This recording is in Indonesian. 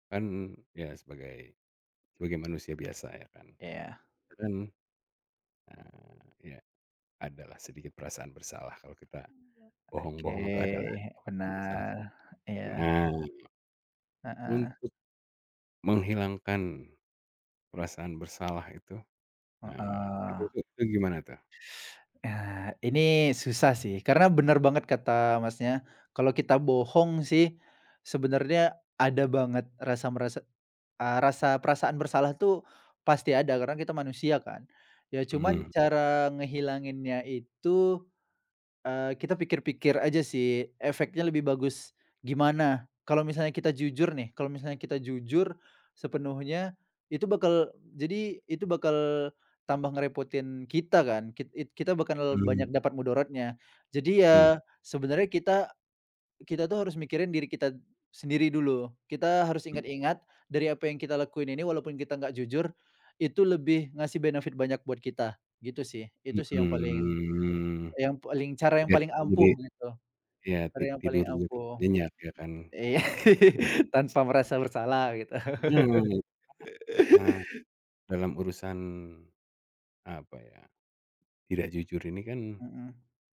Kan ya sebagai, sebagai manusia biasa ya kan. Iya. Kadang, eee, iya, adalah sedikit perasaan bersalah kalau kita Oke, bohong-bohong itu adalah perasaan bersalah. benar, iya. Nah, Heeh. untuk menghilangkan perasaan bersalah itu, ah, itu Heeh. tuh itu gimana tuh? Eee, ini susah sih karena bener banget kata, Masnya. Kalau kita bohong sih sebenarnya ada banget rasa merasa, eee, rasa perasaan bersalah tuh pasti ada karena kita manusia kan. Ya cuman Mhm. cara ngehilanginnya itu, eee, kita pikir-pikir aja sih efeknya lebih bagus gimana. Kalau misalnya kita jujur nih, kalau misalnya kita jujur sepenuhnya itu bakal jadi, itu bakal tambah ngerepotin kita kan, kit it kita bakal banyak Mmm. dapat mudaratnya. Jadi Mmm. ya, sebenarnya kita kita tuh harus mikirin diri kita sendiri dulu, kita harus Mmm. ingat-ingat dari apa yang kita lakuin ini walaupun kita nggak jujur itu lebih ngasih benefit banyak buat kita. Gitu sih, itu sih yang paling Mhm, i yang paling cara yang biar paling kita jadi ampuh gitu, iya, cara ti yang paling tidurnya tuh ampuh. nyenyak ya kan. Iya, Mmm. tanpa merasa bersalah, gitu. Nah, [unintelligible] Nah, dalam urusan apa ya, tidak jujur ini kan Mhm.